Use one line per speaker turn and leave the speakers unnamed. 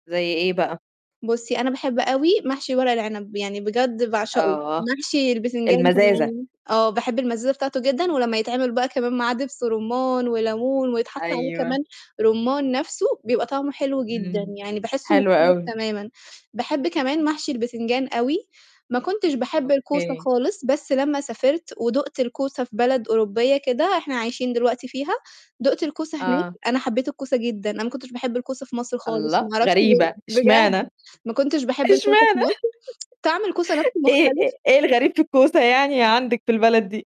زي إيه بقى؟
بُصّي، أنا باحب أوي محشي ورق العنب، يعني بجد باعشقه،
آه،
محشي البتنجان
المزازة.
كمان، آه باحب المزازة بتاعته جدًا ولمّا يتعمل بقى كمان معاه دبس رُمّان وليمون، ويتحط عليه كمان
أيوه.
رُمّان نفسُه بيبقى طعمه حلو جدًا،
إمم،
يعني باحسه
حلو
مختلف
أوي.
تمامًا، باحب كمان محشي البتنجان أوي، ما كنتش باحب الكوسة
أوكي.
خالص، بس لمّا سافرت ودُقت الكوسة في بلد أوروبية كده، إحنا عايشين دلوقتي فيها، دُقت الكوسة هناك
آه.
أنا حبيت الكوسة جدًا، أنا ما كنتش باحب الكوسة في مصر خالص، ما
الله!
أعرفش ليه
غريبة!
بجد
اشمعنى؟
ما كنتش باحب الكوسة في
اشمعنى؟
مصر طعم الكوسة نفسُه
إيه
مختلف.
إيه إيه الغريب في الكوسة يعني عندِك في البلد دي؟